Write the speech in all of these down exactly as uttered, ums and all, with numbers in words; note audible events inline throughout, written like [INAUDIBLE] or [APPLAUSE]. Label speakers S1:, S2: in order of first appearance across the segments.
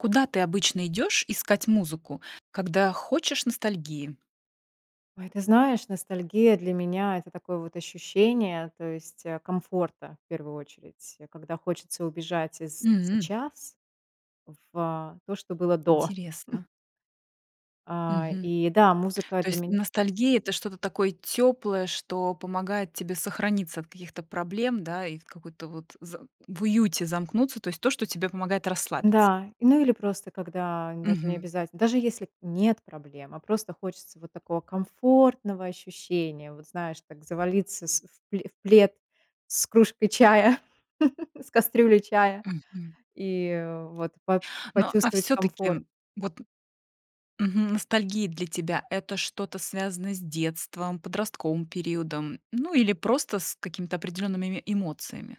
S1: Куда ты обычно идешь искать музыку, когда хочешь ностальгии?
S2: Ой, ты знаешь, ностальгия для меня это такое вот ощущение, то есть, э, комфорта в первую очередь, когда хочется убежать из
S1: М.
S2: сейчас в то, что было до. [CHUCKLES]
S1: Интересно.
S2: А,
S1: Мгм.
S2: и да, музыка
S1: То
S2: для
S1: есть
S2: меня
S1: ностальгия- это что-то такое тёплое, что помогает тебе сохраниться от каких-то проблем, да, и в какой-то вот з в уюте замкнуться, то есть то, что тебе помогает расслабиться?
S2: Да, ну, или просто, когда даже
S1: Мгм.
S2: необязате даже, если нет проблем, а просто хочется вот такого комфортного ощущения, вот знаешь, так завалиться с в в плед с кружкой чая, [CHUCKLES] с кастрюлей чая
S1: Мгм.
S2: и вот по
S1: Ну, а
S2: почувствовать комфорт.
S1: всё-таки, вот мгм, ностальгия для тебя- это что-то связанное с детством, подростковым периодом, ну, или просто с какими-то определеннымими эмоциями?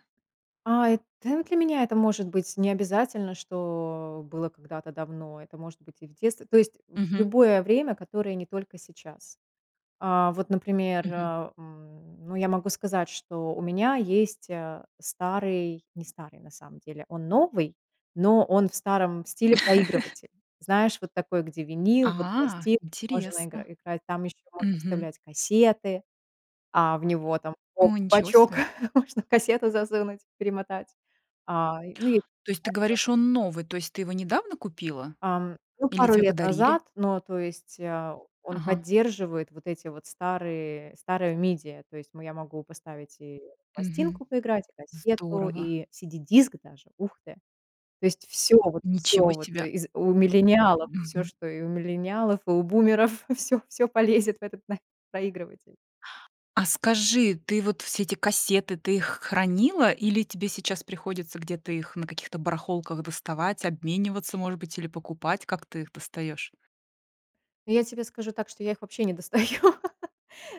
S2: А, э, та для меня это может быть необязательно, что было когда-то давно, это может быть и в детстве, то есть в
S1: Мгм.
S2: любое время, которое не только сейчас. А, вот, например,
S1: Мгм.
S2: а, м, ну я могу сказать, что у меня есть, э, старый- не старый, на самом деле, он новый,- но он в старом стиле
S1: [CHUCKLES]
S2: проигрыватель. Знаешь, вот такой, где винил, вот
S1: А,
S2: пластинки можно игра
S1: интересно.
S2: играть, там еще можно
S1: Мгм.
S2: вставлять кассеты, а, в него там, хоп,
S1: О,
S2: в
S1: ничего
S2: бочок
S1: себе!
S2: можно кассету засунуть, перемотать. А, ну и
S1: То есть ты
S2: [UNINTELLIGIBLE]
S1: говоришь, он новый, то есть ты его недавно купила?
S2: Ам, ну,
S1: Или
S2: пару
S1: тебе
S2: лет
S1: подарили?
S2: назад, ну, то есть, э, он
S1: Ага.
S2: поддерживает вот эти вот старые старые media, то есть мо я могу поставить и
S1: Мгм,
S2: пластинку поиграть, и кассету,
S1: здорово!
S2: и CD-диск даже, ух ты. То есть всё вот
S1: Ничего
S2: всё вот
S1: себе!
S2: из у миллениалов, всё,
S1: Мгм.
S2: что и у миллениалов, и у бумеров, [CHUCKLES] всё всё полезет в этот на проигрыватель.
S1: А скажи, ты вот все эти кассеты, ты их хранила или тебе сейчас приходится где-то их на каких-то барахолках доставать, обмениваться, может быть, или покупать, как ты их достаешь?
S2: Ну, я тебе скажу так, что я их вообще не достаю.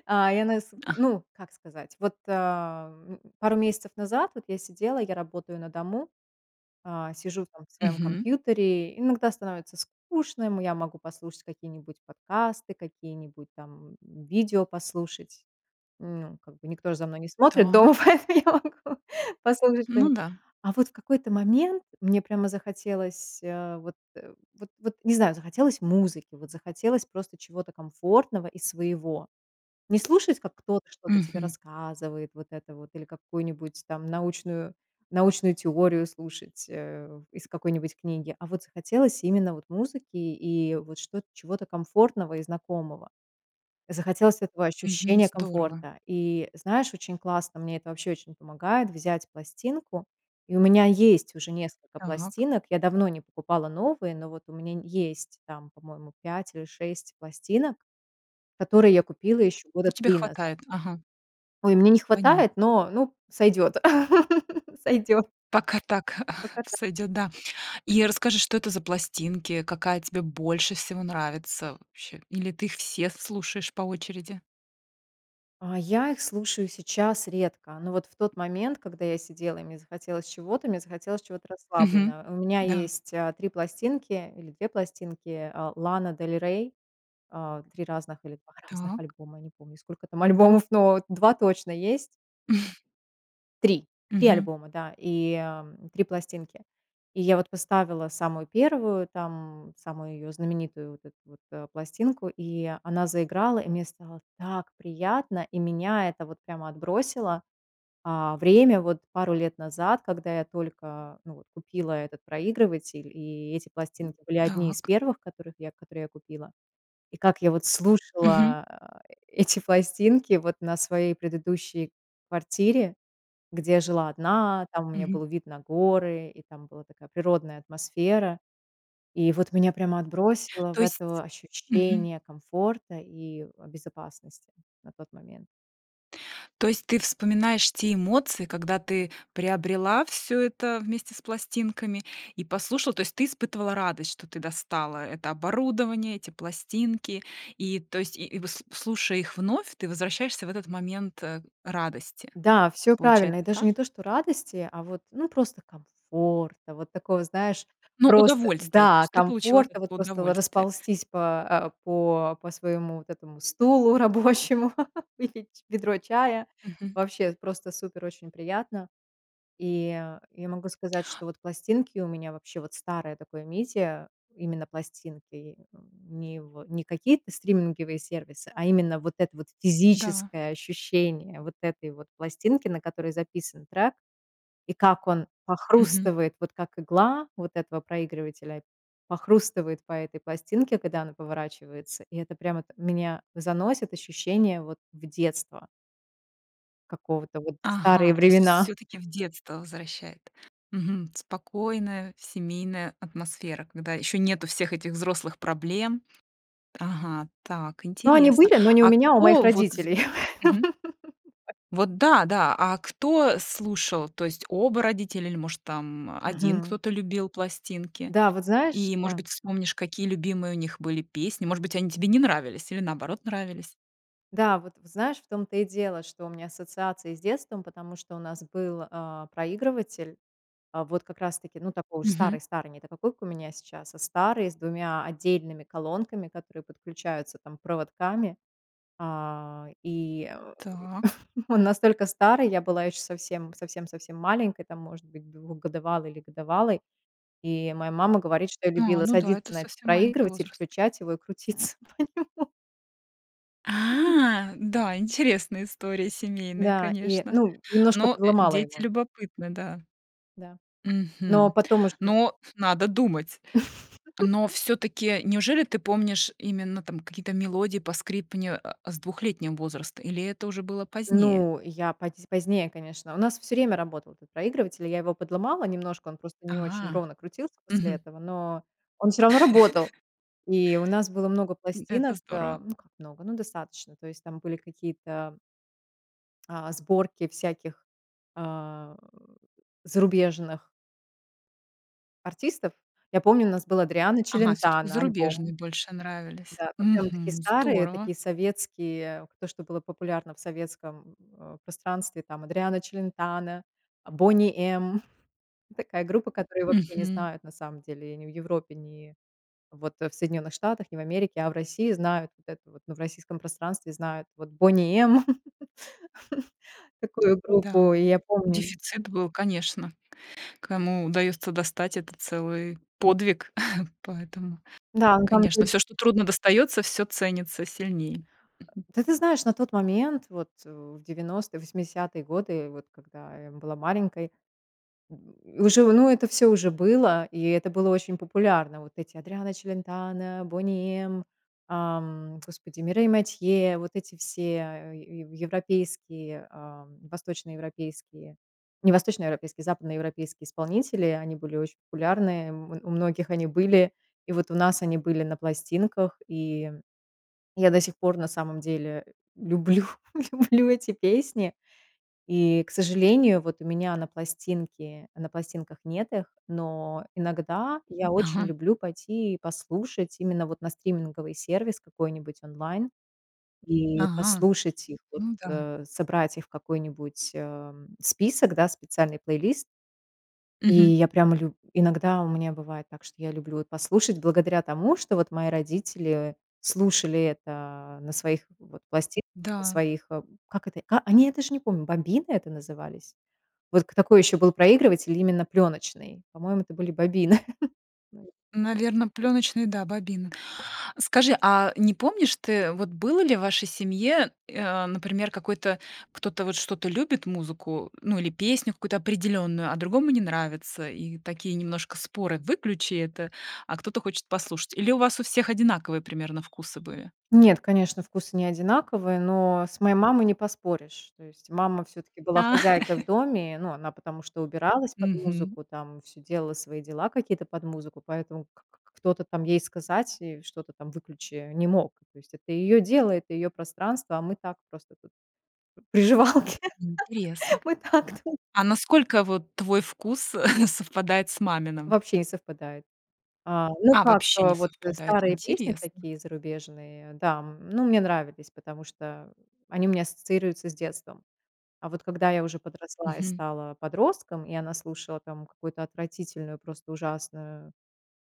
S2: А, я на есу
S1: А.
S2: ну, как сказать, вот, а, вот м пару месяцев назад вот я сидела- я работаю на дому,- а, сижу там в своем
S1: Мгм.
S2: компьютере, иногда становится скучно, м я могу послушать какие-нибудь подкасты, какие-нибудь там, м, видео послушать, ну как бы. Никто же за мной не смотрит дома,
S1: Так.
S2: поэтому я могу послушать
S1: Ну
S2: что-нибудь.
S1: да.
S2: А вот в какой-то момент мне прямо захотелось, э, вот вот вот не знаю, захотелось музыки, вот захотелось просто чего-то комфортного и своего. Не слушать, как кто-то что-то тебе
S1: Мгм.
S2: рассказывает вот это вот или какую-нибудь там научную научную теорию слушать, э, из какой-нибудь книги, а вот захотелось именно вот музыки и вот что чего-то комфортного и знакомого, захотелось этого
S1: Мгм,
S2: ощущения
S1: здорово!
S2: комфорта. И знаешь, очень классно, мне это вообще очень помогает взять пластинку. И у меня есть уже несколько
S1: Так.
S2: пластинок. Я давно не покупала новые, но вот у меня н есть там, по-моему, пять или шесть пластинок, которые я купила еще
S1: Ну
S2: года
S1: тебе
S2: три назад.
S1: хватает, ага.
S2: Ой, мне не хватает,
S1: Понятно.
S2: но, ну, сойдет, [LAUGHS] сойдет.
S1: Пока так [CHUCKLES]
S2: Поката
S1: сойдет, да. И расскажи, что это за пластинки, какая тебе больше всего нравится вообще или ты их все слушаешь по очереди?
S2: А, я их слушаю сейчас редко, но вот в тот момент, когда я сидела и мне захотелось чего-то- мне захотелось чего-то
S1: Мгм,
S2: расслабленного. У меня
S1: да.
S2: есть, э, три пластинки или две пластинки, а, Лана Дель Рей, а, три разных или два разных
S1: Так.
S2: альбома, я не помню, сколько там альбомов, но два точно есть.
S1: [CHUCKLES]
S2: три! три
S1: Мгм.
S2: альбома, да, и, эм, три пластинки. И я вот поставила самую первую там, самую ее знаменитую вот эту вот, э, пластинку, и она заиграла, и мне стало так приятно, и меня это вот прямо отбросило, а, время вот пару лет назад, когда я только, ну, вот купила этот проигрыватель, и эти пластинки были одни из
S1: Так.
S2: первых, которых я которые я купила. И как я вот
S1: Мгм.
S2: слушала а э эти пластинки вот на своей предыдущей квартире, где жила одна, там у меня
S1: Мгм.
S2: был вид на горы и там была такая природная атмосфера. И вот меня прямо отбросило в
S1: То есть
S2: это
S1: мгм.
S2: ощущение комфорта и в безопасности на тот момент.
S1: То есть ты вспоминаешь те эмоции, когда ты приобрела всё это вместе с пластинками и послушала, то есть ты испытывала радость, что ты достала это оборудование, эти пластинки, и, то есть и и выс слушая их вновь, ты возвращаешься в этот момент, э, радости.
S2: Да, всё правильно.
S1: Получается,
S2: И даже
S1: так?
S2: не то что радости, а вот, ну, просто комфорта. Вот такого, знаешь,
S1: Ну,
S2: просто,
S1: удовольствие. То
S2: да,
S1: есть ты получила от
S2: комфорта, вот
S1: этого
S2: просто в
S1: удовольствие.
S2: расползтись по, а, по по своему вот этому стулу рабочему, [LAUGHS] выпить ведро чая-
S1: Мгм.
S2: вообще просто супер, очень приятно. И я могу сказать, что вот пластинки у меня вообще, вот старое такое media именно пластинки, не в не какие-то стриминговые сервисы, а именно вот это вот
S1: Да.
S2: физическое ощущение вот этой вот пластинки, на которой записан трек, и как он
S1: Мгм.
S2: похрустывает, вот как игла вот этого проигрывателя похрустывает по этой пластинке, когда она поворачивается, и это прямо вот меня заносит, ощущение вот в детство. Какого-то вот.
S1: Ага,
S2: Старые
S1: то есть
S2: времена.
S1: всё-таки в детство возвращает. Мгм, спокойная семейная атмосфера, когда ещё нету всех этих взрослых проблем. Ага, так,
S2: Ну, они
S1: интересно,
S2: были, но не у
S1: а
S2: меня, а у моих
S1: кто вот
S2: родителей. [LAUGHS]
S1: Мгм. Вот да-да, а кто слушал, то есть оба родителя или, может, там один
S2: Мгм.
S1: кто-то любил пластинки,
S2: Да, вот знаешь
S1: и, может
S2: Да.
S1: быть, вспомнишь, какие любимые у них были песни, может быть, они тебе не нравились или, наоборот, нравились?
S2: Да, вот знаешь, в том-то и дело, что у меня ассоциации с детством, потому что у нас был, а, проигрыватель, а вот как раз таки, ну, такой уж
S1: Мгм.
S2: старый старый, не та такой, как у меня сейчас, а старый с двумя отдельными колонками, которые подключаются там проводками, а, и, э,
S1: Так.
S2: [CHUCKLES] он настолько старый, я была еще совсем совсем совсем маленькой, там, может быть, двухгодовалой или годовалой, и моя мама говорит, что я
S1: А,
S2: любила
S1: ну да, это
S2: садиться на этот
S1: совсем маленький
S2: проигрывать,
S1: возраст.
S2: включать его и крутиться на нём.
S1: А! Да, интересная история, семейная,
S2: Да, и,
S1: конечно,
S2: ну, немножко
S1: но, э,
S2: подломала
S1: дети
S2: его.
S1: любопытны, да.
S2: Да. Но
S1: Мгм.
S2: потом уже
S1: Но надо думать.
S2: [CHUCKLES]
S1: Но всё-таки, неужели ты помнишь именно там какие-то мелодии, поскрипывания, а, с двухлетнего возраста, или это уже было позднее?
S2: Ну, я поз позднее, конечно. У нас всё время работал этот проигрыватель. Я его подломала немножко, он просто не очень
S1: А,
S2: ровно крутился после
S1: мгм.
S2: этого, но он всё равно работал.
S1: [CHUCKLES]
S2: И у нас было много
S1: М, это
S2: пластинок.
S1: здорово.
S2: А, ну как много? Ну достаточно. То есть там были какие-то а, сборки всяких, а, э, зарубежных артистов. Я помню у нас был Адриано
S1: Ага, всё-таки
S2: Челентано альбом.
S1: зарубежные больше нравились.
S2: Да. Вот прям такие
S1: Мгм.
S2: старые,
S1: Здорово!
S2: такие советские, то что было популярно в советском, э, пространстве, там Адриано Челентано, "Бони М"- [CHUCKLES] такая группа, которую вообще не
S1: Мгм.
S2: знают, на самом деле, ни в Европе, ни вот в Соединенных Штатах, ни в Америке. А в России знают вот это вот, ну в российском пространстве знают вот "Бони М". [LAUGHS] Такую группу
S1: Да.
S2: я помню.
S1: Дефицит был, конечно. Кому удается достать- это целый подвиг. [CHUCKLES] Поэтому,
S2: Да, ну там то
S1: конечно,
S2: есть
S1: всё, что трудно достается, всё ценится сильнее. Мгм.
S2: Да, ты знаешь на тот момент, вот, а, в девяностые, восьмидесятые годы, вот когда я была маленькой, [GRUNTS] уже, ну это всё уже было, и это было очень популярно. Вот эти Адриано Челентано, "Бони М", ам, господи, Мирей Матье, вот эти все е ев европейские, а, восточноевропейские- не восточноевропейские, западноевропейские исполнители,- они были очень популярны, м, у многих они были. И вот у нас они были на пластинках, и я до сих пор на самом деле люблю, люблю эти песни. И, к сожалению, вот у меня на пластинке на пластинках нет их, но иногда я очень
S1: Ага.
S2: люблю пойти послушать именно вот на стриминговый сервис какой-нибудь, онлайн, и
S1: Ага.
S2: послушать их вот,
S1: Ну да.
S2: а, собрать их в какой-нибудь, а, список, да, специальный плейлист. И
S1: Мгм.
S2: я прямо лю иногда у меня бывает так, что я люблю вот послушать благодаря тому, что вот мои родители слушали это на своих вот пласти на
S1: Да.
S2: своих, как это,- а, они, я даже не помню,- бобины это назывались? Вот к такой еще был проигрыватель именно пленочный. По-моему, это были бобины. [LAUGHS]
S1: Наверно, пленочный, да, бобина. Скажи, а не помнишь ты, вот было ли в вашей семье, э, а, например, какой-то кто-то вот что-то любит, музыку, ну или песню какую-то определенную, а другому не нравится? И такие немножко споры: "Выключи это!" А кто-то хочет послушать? Или у вас у всех одинаковые примерно вкусы были?
S2: Нет, конечно, вкусы не одинаковые, но с моей мамой не поспоришь. То есть мама всё-таки была
S1: А!
S2: хозяйкой в
S1: [CHUCKLES]
S2: доме, ну, она потому что убиралась под
S1: Мгм.
S2: музыку, там всё делала свои дела какие-то под музыку, поэтому к к к кто-то там ей сказать и что-то там "выключи" не мог. То есть это ее дело, это ее пространство, а мы так просто тут приживалки.
S1: Интересно.
S2: [LAUGHS] Мы так ту
S1: А насколько вот твой вкус [CHUCKLES] совпадает с маминым?
S2: Вообще не совпадает. А, ну
S1: А,
S2: как,
S1: вообще не
S2: вот
S1: совпадает?
S2: старые песни
S1: Интересно.
S2: такие зарубежные, да, м, ну мне нравились, потому что они у меня ассоциируются с детством. А вот когда я уже подросла и
S1: Мгм.
S2: стала подростком, и она слушала там какую-то отвратительную, просто ужасную,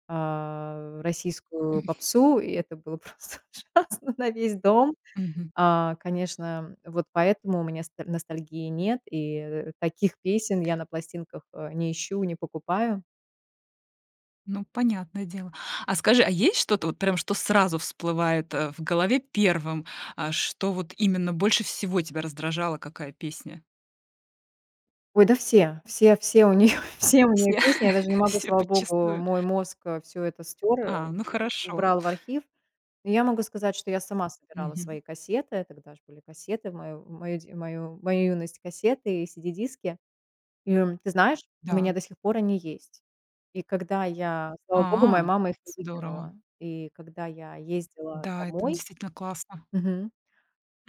S2: а, российскую попсу, и это было просто ужасно на весь дом.
S1: Мгм.
S2: А, конечно, вот поэтому у меня с ностальгии нет, и, э, таких песен я на пластинках, а, не ищу, не покупаю.
S1: Ну, понятное дело. А скажи, а есть что-то, вот прям что сразу всплывает, э, в голове первым? А, что вот именно больше всего тебя раздражало, какая песня?
S2: Ой, да все, все все у нее все у нее
S1: Все,
S2: песни, я даже не могу,
S1: всё
S2: слава Богу,
S1: подчистую.
S2: мой мозг, э, всё это стёр,
S1: А,
S2: у
S1: ну хорошо.
S2: убрал в архив. И я могу сказать, что я сама собирала
S1: Мгм.
S2: свои кассеты. Тогда ж были кассеты, в мою мою д мою мою юность кассеты и CD-диски. И ты знаешь, у меня
S1: Да.
S2: до сих пор они есть. И когда я- слава богу, моя
S1: А,
S2: мама их не
S1: здорово.
S2: выкинула- и когда я ездила
S1: Да, это н
S2: домой
S1: действительно классно.
S2: Мгм,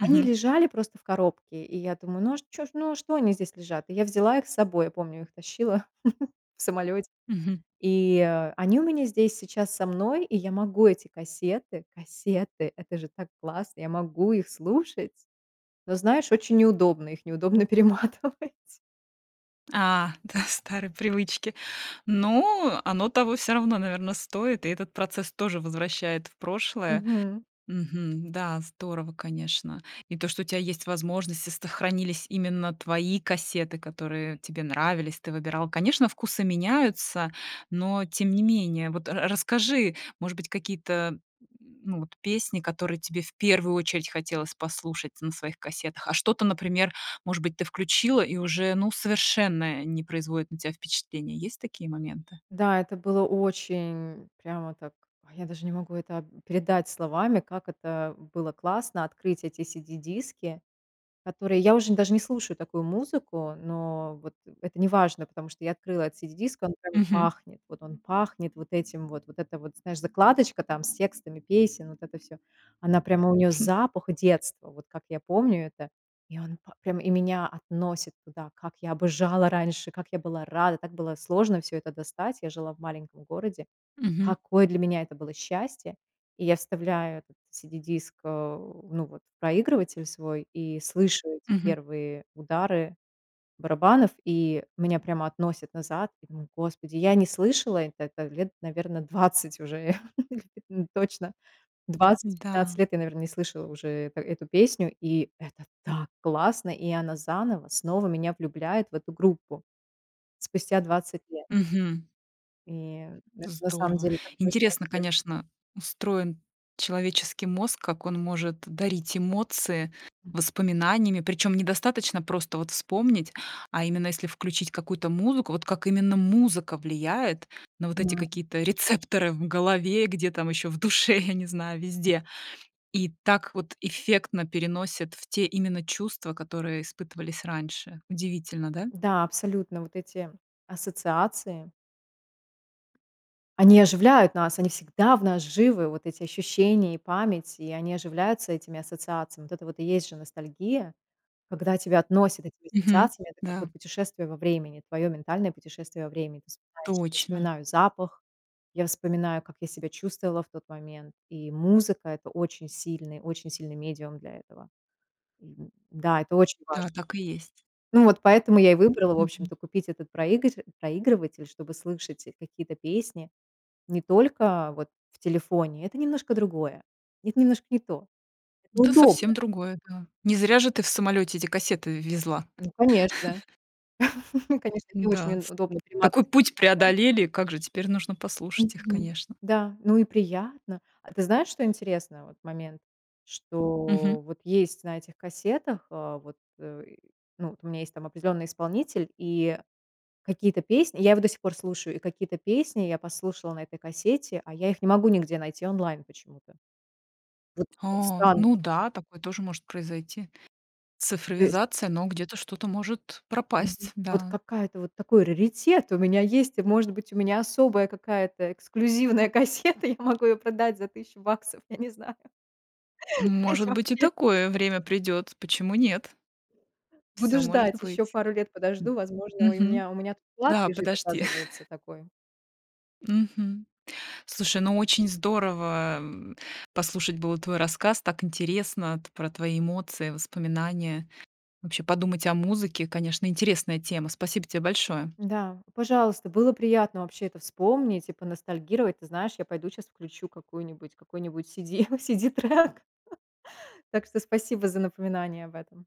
S2: они лежали просто в коробке, и я думаю: "Ну а ж чё ж ну а что они здесь лежат?" И я взяла их с собой, я помню, их тащила [CHUCKLES] в самолете,
S1: Мгм.
S2: и они у меня здесь сейчас со мной, и я могу эти кассеты кассеты! Это же так классно, я могу их слушать, но знаешь, очень неудобно, их неудобно перематывать.
S1: А, да, старые привычки. Ну, оно того всё равно, наверно, стоит, и этот процесс тоже возвращает в прошлое.
S2: Мгм.
S1: Мгм. Да, здорово, конечно. И то, что у тя есть возможность и, сохранились именно твои кассеты, которые тебе нравились, ты выбирала. Конечно, вкусы меняются, но тем не менее. Вот ра расскажи, может быть, какие-то, м, ну вот песни, которые тебе в первую очередь хотелось послушать на своих кассетах, а что-то, например, может быть, ты включила и уже, ну, совершенно не производит на тя впечатление. Есть такие моменты?
S2: Да, это было очень прямо так, я даже не могу это об передать словами, как это было классно- открыть эти CD-диски, которые я уже даже не слушаю такую музыку,- но вот это неважно, потому что я открыла этот CD-диск, и он как бы
S1: Мгм.
S2: пахнет, вот он пахнет вот этим вот, вот это вот, знаешь, закладочка там с текстами песен, вот это всё, она прямо, у нее запах
S1: [CHUCKLES]
S2: детства, вот как я помню это, и он па прямо и меня относит туда, как я обожала раньше, как я была рада, так было сложно всё это достать. Я жила в маленьком городе.
S1: Мгм.
S2: Какое для меня это было счастье. И я вставляю этот CD-диск, э, ну вот в проигрыватель свой и слышу эти
S1: Мгм.
S2: первые удары барабанов, и меня прямо относит назад. Я думаю: "Господи, я не слышала это это лет, наверно, двадцать уже [LAUGHS] или точно, двадцать
S1: М-да.
S2: пятнадцать лет я, наверно, не слышала уже, это эту песню". И это так классно, и она заново снова меня влюбляет в эту группу. Спустя двадцать лет.
S1: Мгм.
S2: И это на самом
S1: Здорово!
S2: деле такое
S1: Интересно,
S2: счастье.
S1: конечно, устроен человеческий мозг, как он может дарить эмоции
S2: М.
S1: воспоминаниями, причем недостаточно просто вот вспомнить, а именно если включить какую-то музыку, вот как именно музыка влияет на вот эти
S2: М.
S1: какие-то рецепторы в голове, где там еще в душе, я не знаю, везде. И так вот эффектно переносит в те именно чувства, которые испытывались раньше. Удивительно, да?
S2: Да, абсолютно вот эти ассоциации они оживляют нас, они всегда в нас живы, вот эти ощущения и память, и они оживляются этими ассоциациями. Вот это вот и есть же ностальгия, когда тебя относят этими
S1: Мгм,
S2: ассоциациями. Это как
S1: да.
S2: вот путешествие во времени, твое ментальное путешествие во времени. Ты вспоминаешь Я
S1: Точно.
S2: вспоминаю запах, я вспоминаю, как я себя чувствовала в тот момент, и музыка- это очень сильный, очень сильный медиум для этого. Да, это очень
S1: Да,
S2: важно.
S1: так и есть.
S2: Ну, вот поэтому я и выбрала, в
S1: Мгм.
S2: общем-то, купить этот проигр проигрыватель, чтобы слышать какие-то песни не только вот в телефоне, это немножко другое, это немножко не то, это
S1: Да,
S2: удобно.
S1: совсем другое, да. Не зря же ты в самолёте эти кассеты в везла.
S2: Ну, конечно,
S1: [CHUCKLES]
S2: [CHUCKLES] ну, конечно, не очень
S1: Да,
S2: уд
S1: ст
S2: удобно
S1: такой
S2: перематывать
S1: путь
S2: карандашом.
S1: преодолели, как же теперь нужно послушать их,
S2: Мгм.
S1: конечно.
S2: Да, ну и приятно. А ты знаешь, что интересно, вот момент,
S1: Мгм.
S2: что вот есть на этих кассетах, э, вот, э, и, ну, у меня есть там определенный исполнитель и какие-то песни- я его до сих пор слушаю,- и какие-то песни я послушала на этой кассете, а я их не могу нигде найти онлайн почему-то. Вот, вот
S1: О,
S2: странно.
S1: ну да, такое тоже может произойти,
S2: То есть
S1: цифровизация, но где-то что-то может
S2: Мгм.
S1: пропасть,
S2: Вот
S1: да.
S2: какая-то вот такой раритет у меня есть, и, может быть, у меня особая какая-то эксклюзивная кассета, я могу ее продать за тыщу баксов, я не знаю.
S1: Ну
S2: То есть
S1: может быть, и
S2: вообще
S1: такое время придёт, почему нет?
S2: Буду
S1: Всё может
S2: ждать, еще
S1: быть.
S2: пару лет подожду, возможно, у
S1: мгм.
S2: меня у меня тут клад
S1: Да,
S2: лежит,
S1: подожди.
S2: оказывается,
S1: [CHUCKLES]
S2: такой.
S1: Мгм. Слушай, ну очень здорово в послушать было твой рассказ, так интересно т про твои эмоции, воспоминания. Вообще подумать о музыке, конечно, интересная тема. Спасибо тебе большое.
S2: Да, пожалуйста, было приятно вообще это вспомнить и поностальгировать. Ты знаешь, я пойду щас включу какую-нибудь какой-нибудь CD- CD-трек. [CHUCKLES] Так что спасибо за напоминание об этом.